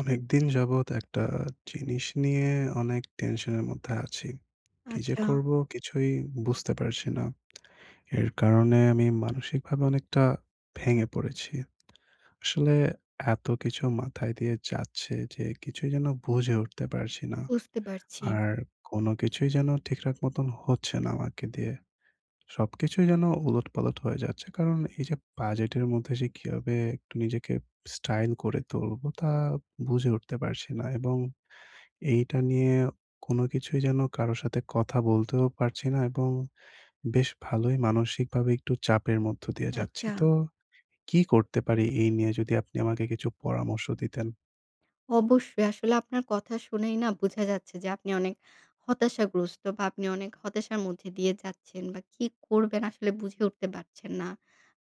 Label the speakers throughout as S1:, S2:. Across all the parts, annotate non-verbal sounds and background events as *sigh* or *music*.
S1: অনেকদিন যাবৎ একটা জিনিস নিয়ে অনেক টেনশনের মধ্যে আছি, কি যে
S2: আচ্ছা।
S1: করবো কিছুই বুঝতে পারছি না *smacks lips* এর কারণে আমি মানসিকভাবে অনেকটা ভেঙে পড়েছি। আসলে এত কিছু মাথায় দিয়ে যাচ্ছে যে কিছুই যেন বুঝে উঠতে পারছি
S2: উ
S1: না।
S2: বুঝতে পারছি।
S1: আর কোনো কিছুই যেন ঠিকঠাক মতন হচ্ছে না আমাকে দিয়ে। সবকিছুই যেন উলট-পালট হয়ে যাচ্ছে কারণ এই যে বাজেটের মধ্যে যে কিভাবে একটু নিজেকে স্টাইল করে তুলবো তা বুঝে উঠতে পারছি না এবং এইটা নিয়ে কোনো কিছুই যেন কারো সাথে কথা বলতেও পারছি না এবং বেশ ভালোই মানসিকভাবে একটু চাপের মধ্য দিয়ে যাচ্ছি,
S2: আচ্ছা।
S1: তো কি করতে পারি? এই নিয়ে যদি আপনি আমাকে কিছু পরামর্শ দিতেন।
S2: অবশ্যই আসলে আপনার কথা শুনেই না বুঝা যাচ্ছে যে আপনি অনেক হতাশাগ্রস্ত বা আপনি অনেক হতাশার মধ্যে দিয়ে যাচ্ছেন বা কি করবেন? আসলে বুঝে উঠতে পারছেন না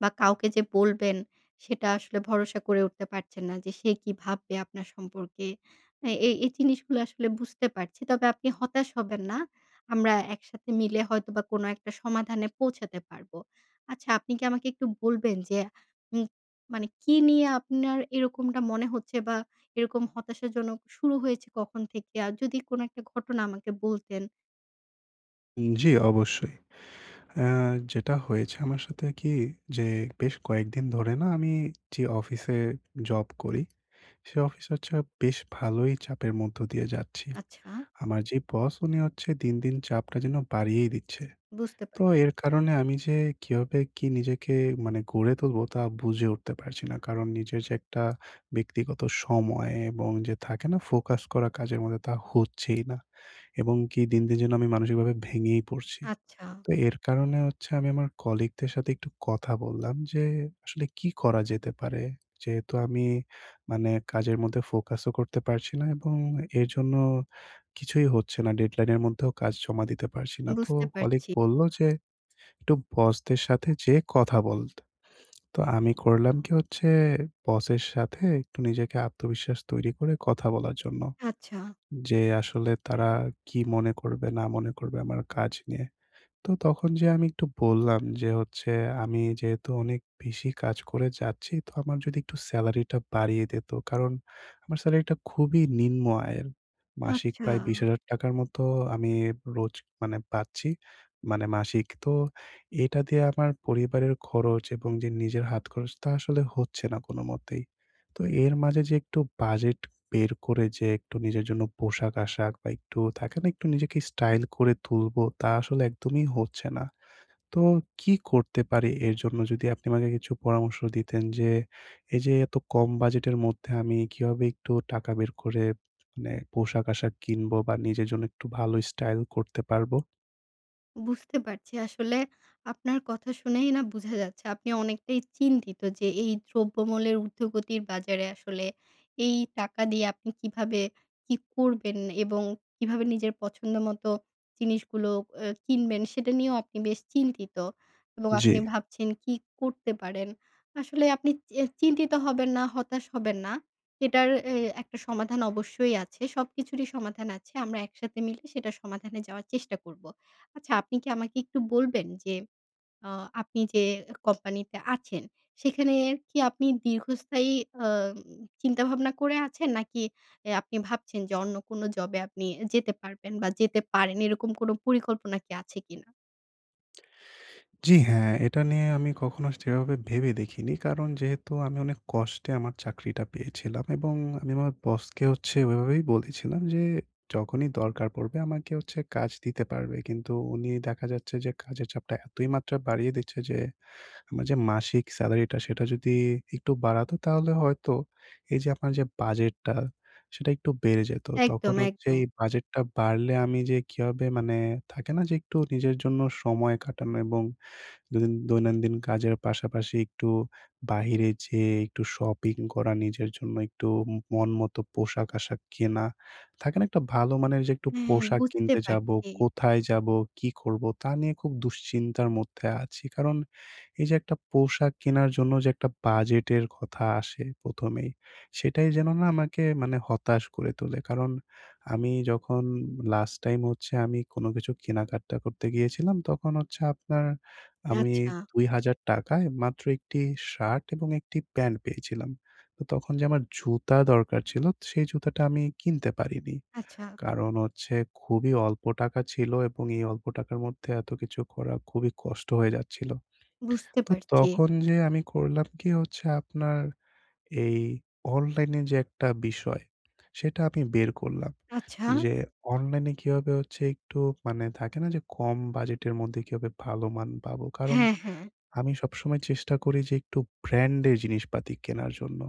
S2: বা কাউকে যে বলবেন সেটা আসলে ভরসা করে উঠতে পারছেন না যে, সে কি ভাববে আপনার সম্পর্কে? এ এই এই জিনিসগুলা আসলে বুঝতে পারছি তবে আপনি হতাশ হবেন না। আমরা একসাথে মিলে হয়তোবা কোনো একটা সমাধানে পৌঁছাতে পারবো। আচ্ছা আপনি কি আমাকে একটু বলবেন যে উ মানে কি নিয়ে আপনার এরকমটা মনে হচ্ছে বা এরকম হতাশাজনক শুরু হয়েছে কখন থেকে? আর যদি কোনো একটা ঘটনা আমাকে বলতেন।
S1: জি, অবশ্যই। এহ যেটা হয়েছে আমার সাথে কি যে বেশ কয়েকদিন ধরে না, আমি যে অফিসে জব করি, সে অফিসে হচ্ছে বেশ ভালোই চাপের মধ্য দিয়ে যাচ্ছি।
S2: আচ্ছা।
S1: আমার যে বস, উনি হচ্ছে দিন, দিন চাপটা যেন বাড়িয়েই দিচ্ছে।
S2: বুঝতে,
S1: তো এর
S2: পারছি।
S1: কারণে আমি যে কীভাবে কি নিজেকে মানে গড়ে তুলবো, তা বুঝে উঠতে পারছি না। কারণ নিজের যে একটা ব্যক্তিগত সময় এবং যে থাকে না ফোকাস করা কাজের মধ্যে, তা হচ্ছেই না। এবং কি দিন, দিন যে আমি মানসিকভাবে ভেঙেই পড়ছি।
S2: আচ্ছা।
S1: তো এর কারণে হচ্ছে আমি আমার কলিগদের সাথে একটু কথা বললাম যে আসলে কি করা যেতে পারে। যেহেতু আমি মানে কাজের মধ্যে ফোকাসও করতে পারছি না এবং এর জন্য কিছুই হচ্ছে না, ডেডলাইনের মধ্যেও কাজ জমা দিতে পারছি না। তো
S2: বুঝতে,
S1: কলিগ
S2: পারছি।
S1: বললো যে একটু বসদের সাথে যে কথা বলতে। তো আমি করলাম কি, হচ্ছে বসের সাথে একটু নিজেকে আত্মবিশ্বাস তৈরি করে কথা বলার জন্য।
S2: আচ্ছা।
S1: যে আসলে তারা কি মনে করবে, না মনে করবে আমার কাজ নিয়ে। তো তখন যে আমি একটু বললাম যে হচ্ছে আমি যেহেতু অনেক বেশি কাজ করে যাচ্ছি, তো আমার যদি একটু সেলারিটা বাড়িয়ে দিত। কারণ আমার সেলারিটা খুবই নিম্ন আয়ের। মাসিক
S2: আচ্ছা।
S1: প্রায় ২০,০০০ টাকার মতো আমি রোজ পাচ্ছি মানে মাসিক। তো এটা দিয়ে আমার পরিবারের খরচ এবং যে নিজের হাতখরচ, তা আসলে হচ্ছে না কোনোমতেই। তো এর মাঝে যে একটু বাজেট বের করে যে একটু নিজের জন্য পোশাক-আশাক বা একটু থাকে না, একটু নিজেকে স্টাইল করে তুলবো তা আসলে একদমই হচ্ছে না। তো কি করতে পারি এর জন্য, যদি আপনি আমাকে কিছু পরামর্শ দিতেন যে এইযে এত কম বাজেটের মধ্যে আমি কিভাবে একটু টাকা বের করে মানে পোশাক-আশাক কিনবো বা নিজের জন্য একটু ভালো স্টাইল করতে পারবো।
S2: বুঝতে পারছি। আসলে আপনার কথা শুনেই না বুঝা যাচ্ছে আপনি অনেকটাই চিন্তিত যে এই দ্রব্যমূল্যের ঊর্ধ্বগতির বাজারে আসলে এই টাকা দিয়ে আপনি কীভাবে কি করবেন এবং কীভাবে নিজের পছন্দ মতো জিনিসগুলো অ্যা কিনবেন সেটা নিয়েও বেশ চিন্তিত এবং আপনি
S1: জি।
S2: ভাবছেন কি করতে পারেন। আসলে আপনি চে চিন্তিত হবেন না, হতাশ হবেন না। এটার এ একটা সমাধান অবশ্যই আছে সবকিছুরই সমাধান আছে। আমরা একসাথে মিলে সেটা সমাধানে যাওয়ার চেষ্টা করবো। আচ্ছা আপনি কি আমাকে একটু বলবেন যে আ আপনি যে এ কোম্পানিতে আছেন সেখানে কি আপনি দীর্ঘস্থায়ী অম চিন্তা-ভাবনা করে আছেন? নাকি এ আপনি ভাবছেন যে অন্য কোনো জবে আপনি এ যেতে পারবেন বা যেতে পারেন এরকম কোনো পরিকল্পনা কি আছে কিনা?
S1: জি হ্যাঁ, এটা নিয়ে আমি কখনো সেভাবে ভেবে দেখিনি কারণ যেহেতু আমি অনেক কষ্টে আমার চাকরিটা পেয়েছিলাম এবং আমি আমার বসকে হচ্ছে ওই ভাবেই বলেছিলাম যে যখনই দরকার পড়বে আমাকে হচ্ছে কাজ দিতে পারবে কিন্তু উনি দেখা যাচ্ছে যে কাজের চাপটা এতই মাত্রা বাড়িয়ে দিচ্ছে যে আমার যে মাসিক স্যালারিটা সেটা যদি একটু বাড়াতো, তাহলে হয়তো এই যে আপনার যে বাজেটটা সেটা একটু বেড়ে যেতো। তখন
S2: একদম,
S1: হচ্ছে
S2: একদম।
S1: এই বাজেটটা বাড়লে আমি যে কীভাবে মানে থাকে না যে একটু নিজের জন্য সময় কাটানো এবং দনিন দৈনন্দিন কাজের পাশাপাশি একটু বাহিরে যেয়ে একটু শপিং করা নিজের জন্য একটু উ মনমতো পোশাক-আশাক কেনা। থাকে না? একটা ভালো মানের যে একটু
S2: হ্যাঁ,
S1: পোশাক
S2: বুঝতে
S1: কিনতে যাবো,
S2: পারছি।
S1: কোথায় যাবো? কী করবো? তা নিয়ে খুব দুশ্চিন্তার মধ্যে আছি কারণ এই যে একটা পোশাক কেনার জন্য যে একটা বাজেটের কথা আসে ১ম এই সেটাই যেন না আমাকে মানে হতাশ করে তোলে। কারণ আমি যখন লাস্ট টাইম হচ্ছে আমি কোনো কিছু কেনাকাটা করতে গিয়েছিলাম তখন হচ্ছে আপনার
S2: নে
S1: আমি
S2: আচ্ছা।
S1: ৳২০০০ য় মাত্র একটি শার্ট এবং একটি প্যান্ট পেয়েছিলাম। তো তখন যে আমার জুতা দরকার ছিল সেই জুতাটা আমি কিনতে পারিনি।
S2: আচ্ছা।
S1: কারণ হচ্ছে খুবই অল্প টাকা ছিল এবং এই অল্প টাকার মধ্যে এত কিছু করা খুবই কষ্ট হয়ে যাচ্ছিল।
S2: বুঝতে
S1: তো
S2: পারছি।
S1: তখন যে আমি করলাম কি হচ্ছে আপনার এই অনলাইন যে একটা বিষয়, সেটা আমি বের করলাম।
S2: আচ্ছা।
S1: যে অনলাইনে কিভাবে হচ্ছে একটু মানে থাকে না? যে, কম বাজেটের মধ্যে কিভাবে ভালোমান পাবো। কারণ
S2: হ্যাঁ, হ্যাঁ।
S1: আমি সবসময় চেষ্টা করি যে একটু ব্র্যান্ডের জিনিসপাতি কেনার জন্য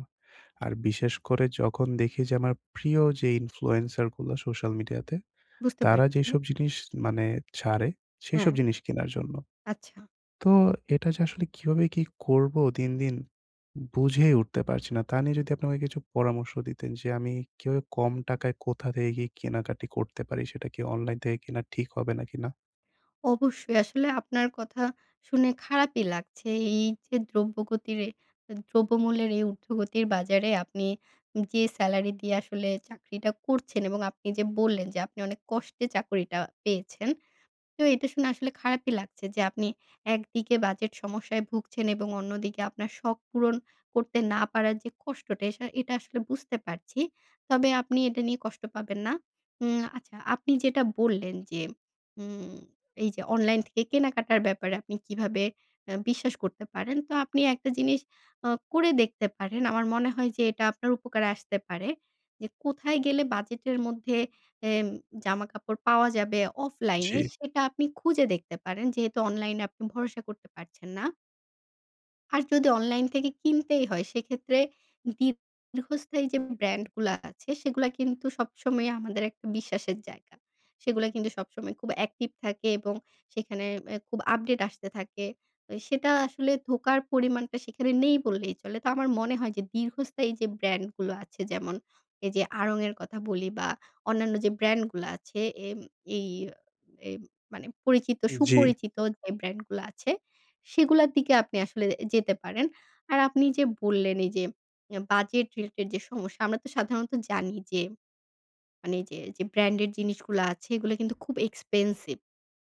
S1: আর বিশেষ করে যখন দেখি যে আমার প্রিয় যে ইনফ্লুয়েন্সার গুলো সোশ্যাল মিডিয়াতে
S2: বুঝতে
S1: তারা
S2: পারছি।
S1: যেইসব জিনিস মানে ছাড়ে
S2: হ্যাঁ।
S1: সেইসব জিনিস কেনার জন্য।
S2: আচ্ছা।
S1: তো এটা যে আসলে কিভাবে কি করবো? দিন, দিন বুঝেই উঠতে পারছি না। তা নিয়ে যদি আপনি আমাকে কিছু পরামর্শ দিতেন যে, আমি কিভাবে কম টাকায় কোথা থেকে গিয়ে কেনাকাটা করতে পারি? সেটা কি অনলাইন থেকে কেনা ঠিক হবে নাকি না?
S2: অবশ্যই আসলে আপনার কথা শুনে খারাপই লাগছে এই যে দ্রব্যগতির দ্রব্যমূল্যের এই উর্ধ্বগতির বাজারে আপনি যে স্যালারি দিয়ে আসলে চাকরিটা করছেন এবং আপনি যে বললেন যে আপনি অনেক কষ্টে চাকরিটা পেয়েছেন তো এটা শুনে আসলে খারাপই লাগছে যে আপনি একদিকে বাজেট সমস্যায় ভুগছেন এবং অন্যদিকে আপনার শখ পূরণ করতে না পারার যে কষ্টটা এসা এটা আসলে বুঝতে পারছি তবে আপনি এটা নিয়ে কষ্ট পাবেন না। উম আচ্ছা আপনি যেটা বললেন যে উম এই যে অনলাইন থেকে কেনাকাটার ব্যাপারে আপনি কিভাবে আ বিশ্বাস করতে পারেন, তো আপনি একটা জিনিস আ করে দেখতে পারেন। আমার মনে হয় যে এটা আপনার উপকারে আসতে পারে। যে কোথায় গেলে বাজেটের মধ্যে এ জামাকাপড় পাওয়া যাবে অফলাইনে
S1: জি।
S2: সেটা আপনি খুঁজে দেখতে পারেন যেহেতু অনলাইনে আপনি ভরসা করতে পারছেন না আর যদি অনলাইন থেকে কিনতেই হয় সেক্ষেত্রে দীর্ঘস্থায়ী যে ব্র্যান্ডগুলা আছে সেগুলা কিন্তু সবসময় আমাদের একটা বিশ্বাসের জায়গা। সেগুলা কিন্তু সবসময় খুব অ্যাক্টিভ থাকে এবং সেখানে আ খুব আপডেট আসতে থাকে। এ সেটা আসলে ধোকার পরিমাণটা সেখানে নেই বললেই চলে। তো আমার মনে হয় যে দীর্ঘস্থায়ী যে ব্র্যান্ডগুলো আছে যেমন, এই যে Aarong এর কথা বলি বা অন্যান্য যে ব্র্যান্ডগুলা আছে এ এই এই মানে পরিচিত
S1: জি।
S2: সুপরিচিত যে ব্র্যান্ডগুলা আছে সেগুলার দিকে আপনি আসলে যেতে পারেন, আর আপনি যে বললেন এই যে এ বাজেট রিলেটেড যে সমস্যা আমরা তো সাধারণত জানি যে মানে যে যে ব্র্যান্ডের জিনিসগুলা আছে এগুলা কিন্তু খুব এক্সপেনসিভ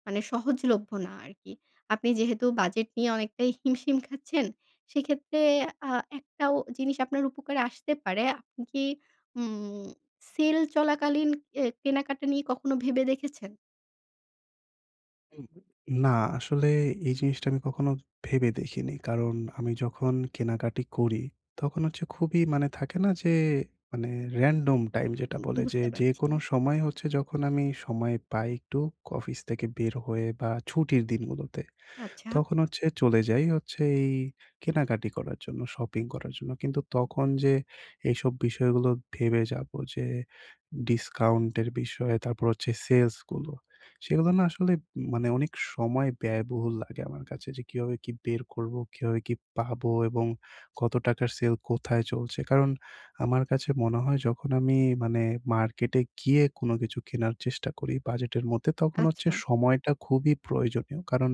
S2: মানে সহজলভ্য না আরকি। আপনি যেহেতু বাজেট নিয়ে অনেকটাই হিমশিম খাচ্ছেন, সেক্ষেত্রে আ একটা জিনিস আপনার উপকারে আসতে পারে। আপনি কি উম সেল চলাকালীন এ কেনাকাটা নিয়ে কখনো ভেবে দেখেছেন?
S1: হুম। না, আসলে এই জিনিসটা আমি কখনো ভেবে দেখিনি। কারণ আমি যখন কেনাকাটা করি তখন হচ্ছে খুবই মানে থাকে না যে মানে রেনডম টাইম। যেটা
S2: উম
S1: বলে যে
S2: বুঝতে পারছি।
S1: যেকোনো সময় হচ্ছে যখন আমি সময় পাই একটু অফিস থেকে বের হয়ে বা ছুটির দিনগুলোতে।
S2: আচ্ছা।
S1: তখন হচ্ছে চলে যাই হচ্ছে এই কেনাকাটা করার জন্য শপিং করার জন্য। কিন্তু তখন যে এইসব বিষয়গুলো ভেবে যাবো যে ডিসকাউন্টের বিষয়ে তারপর হচ্ছে সেলসগুলো। সেগুলো না আসলে মানে অনেক সময় ব্যয়বহুল লাগে আমার কাছে যে কীভাবে কী বের করবো কিভাবে কি পাবো এবং কত টাকার সেল কোথায় চলছে কারণ আমার কাছে মনে হয় যখন আমি মানে মার্কেটে গিয়ে কোনো কিছু কেনার চেষ্টা করি। বাজেটের মধ্যে তখন হচ্ছে
S2: আচ্ছা।
S1: সময়টা খুবই প্রয়োজনীয়। কারণ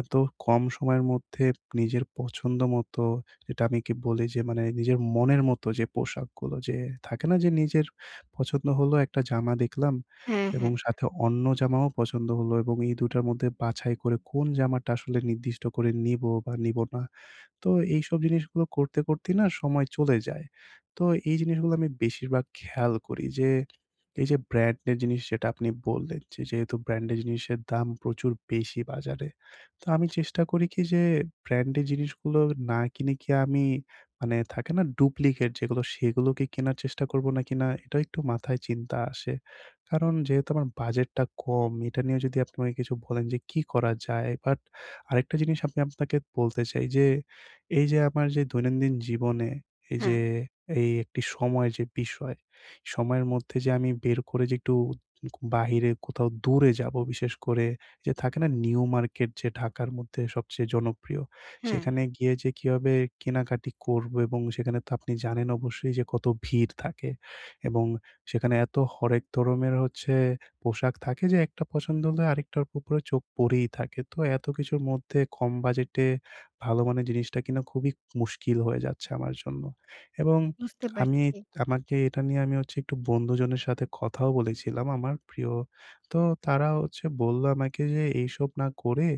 S1: এত কম সময়ের মধ্যে নিজের পছন্দ মতো। যেটা আমি কি বলি যে মানে নিজের মনের মতো যে পোশাকগুলো যে থাকে না যে নিজের পছন্দ হলো একটা জামা দেখলাম।
S2: হ্যাঁ,
S1: এবং
S2: হ্যাঁ, হ্যাঁ।
S1: সাথে অন্য জামাও পছন্দ হলো। এবং এই ২ টার মধ্যে বাছাই করে কোন জামাটা আসলে নির্দিষ্ট করে নিবো বা নিবো না। তো এইসব জিনিসগুলো করতে, করতেই না সময় চলে যায়। তো এই জিনিসগুলো আমি বেশিরভাগ খেয়াল করি যে এই যে ব্র্যান্ড এর জিনিস যেটা আপনি বললেন। যেহেতু ব্র্যান্ড এর জিনিসের দাম প্রচুর বেশি বাজারে। তো আমি চেষ্টা করি কি যে ব্র্যান্ড এর জিনিসগুলো না কিনে কি আমি মানে থাকে না ডুপ্লিকেট যেগুলো সেগুলো কি কেনার চেষ্টা করবো নাকি না এটা একটু মাথায় চিনতা আসে। কারণ যেহেতু আমার বাজেটটা কম এটা নিয়ে যদি আপনি আমাকে কিছু বলেন যে কী করা যায়? বাট আরেকটা জিনিস আমি আপনাকে বলতে চাই যে, এইযে আমার যে দৈনন্দিন জীবনে এই যে
S2: হ্যাঁ।
S1: এই একটি সময় যে বিষয় সময়ের মধ্যে যে আমি বের করে যে একটু কু বাইরে কোথাও দূরে যাবো বিশেষ করে যে থাকে না নিউ মার্কেট যে ঢাকার মধ্যে সবচেয়ে জনপ্রিয়।
S2: হ্যাঁ।
S1: সেখানে গিয়ে যে কীভাবে কেনাকাটা করবো এবং সেখানে তো আপনি জানেন অবশ্যই যে কত ভিড় থাকে এবং সেখানে এত হরেক ধরনের হচ্ছে পোশাক থাকে যে একটা পছন্দ হলে আরেকটার উপরে চোখ পড়েই থাকে। তো এত কিছুর মধ্যে কম বাজেটে ভালো মানের জিনিসটা কিনা খুবই মুশকিল হয়ে যাচ্ছে আমার জন্য। এবং
S2: বুঝতে
S1: আমি
S2: পারছি।
S1: আমাকে এটা নিয়ে আমি হচ্ছে একটু বন্ধুজনের সাথে কথাও বলেছিলাম আমার প্রিয়। তো তারা হচ্ছে বললো আমাকে যে এইসব না করে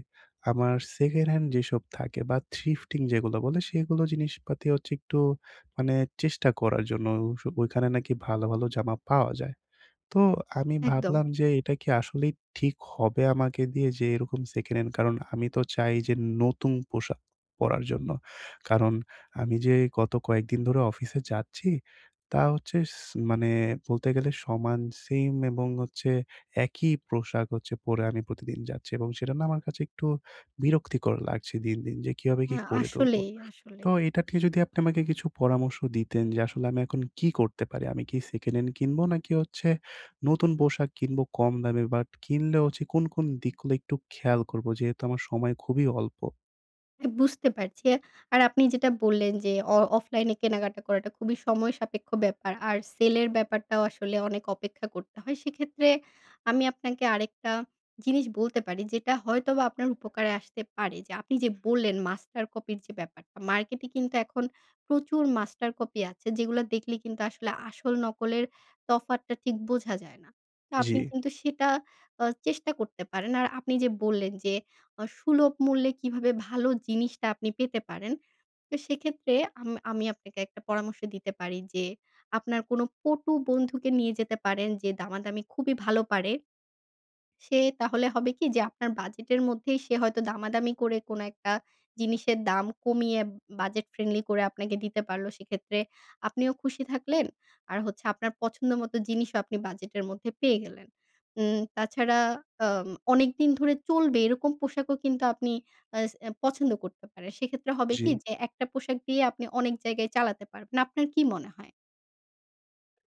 S1: আমার সেকেন্ড হ্যান্ড যেসব থাকে বা থিফটিং যেগুলো বলে সেগুলো জিনিসপাতি হচ্ছে একটু মানে চেষ্টা করার জন্য। ওইসব ওইখানে নাকি ভালো, ভালো জামা পাওয়া যায়। তো আমি
S2: একদম।
S1: ভাবলাম যে এটা কি আসলেই ঠিক হবে আমাকে দিয়ে যে এরকম সেকেন্ড হ্যান্ড। কারণ আমি তো চাই যে নতুন পোশাক পরার জন্য। কারণ আমি যে গত কয়েকদিন ধরে অফিসে যাচ্ছি, তা হচ্ছে স মানে বলতে গেলে সমান সিম এবং হচ্ছে একই পোশাক হচ্ছে পরে। আমি প্রতিদিন যাচ্ছি এবং সেটা না আমার কাছে একটু বিরক্তিকর লাগছে দিন, দিন যে কিভাবে কি
S2: হ্যাঁ।
S1: করে তুলবো।
S2: আসলেই,
S1: তো
S2: আসলেই।
S1: এটাতে যদি আপনি আমাকে কিছু পরামর্শ দিতেন যে আসলে আমি এখন কি করতে পারি? আমি কি সেকেন্ড হ্যান্ড কিনবো নাকি হচ্ছে নতুন পোশাক কিনবো কম দামে? বাট কিনলে কোন, কোন দিকগুলো একটু খেয়াল করব যেহেতু আমার সময় খুবই অল্প।
S2: বুঝতে পারছি আর আপনি যেটা বললেন যে অ অফলাইনে কেনাকাটা করাটা খুবই সময়সাপেক্ষ ব্যাপার। আর সেলের ব্যাপারটাও আসলে অনেক অপেক্ষা করতে হয় সেক্ষেত্রে আমি আপনাকে আরেকটা জিনিস বলতে পারি, যেটা হয়তোবা আপনার উপকারে আসতে পারে। যে আপনি যে বললেন মাস্টার কপির যে ব্যাপারটা মার্কেটে কিন্তু এখন প্রচুর মাস্টার কপি আছে যেগুলো দেখলে কিন্তু আসলে আসল নকলের তফাৎটা ঠিক বোঝা যায় না। তো আপনি
S1: জি।
S2: কিন্তু সেটা আ চেষ্টা করতে পারেন। আর আপনি যে বললেন যে আ সুলভ মূল্যে কিভাবে ভালো জিনিসটা আপনি পেতে পারেন তো সেক্ষেত্রে আম আমি আপনাকে একটা পরামর্শ দিতে পারি যে আপনার কোন পটু বন্ধুকে নিয়ে যেতে পারেন যে দামাদামি খুবই ভালো পারে। সে তাহলে হবে কি? যে আপনার বাজেটের মধ্যেই সে হয়তো দামাদামি করে কোন একটা জিনিসের দাম কমিয়ে বাজেট ফ্রেন্ডলি করে আপনাকে দিতে পারলো সেক্ষেত্রে আপনিও খুশি থাকলেন। আর হচ্ছে আপনার পছন্দ মতো জিনিসও আপনি বাজেটের মধ্যে পেয়ে গেলেন। উম তাছাড়া আ অনেকদিন ধরে চলবে এরকম পোশাকও কিন্তু আপনি আ স পছন্দ করতে পারেন। সেক্ষেত্রে হবে কি
S1: জি।
S2: যে একটা পোশাক দিয়ে আপনি অনেক জায়গায় চালাতে পারবেন। আপনার কি মনে হয়?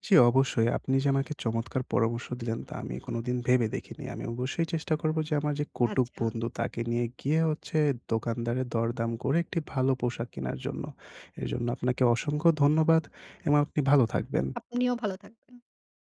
S1: জি, অবশ্যই আপনি যে আমাকে চমৎকার পরামর্শ দিলেন, তা আমি কোনদিন ভেবে দেখিনি। আমি অবশ্যই চেষ্টা করব যে আমার যে কটুক
S2: আচ্ছা।
S1: বন্ধু তাকে নিয়ে গিয়ে দোকানদারের দরদাম করে একটি ভালো পোশাক কেনার জন্য। এর জন্য আপনাকে অসংখ্য ধন্যবাদ এবং আপনি ভালো থাকবেন।
S2: আপনিও ভালো থাকবেন।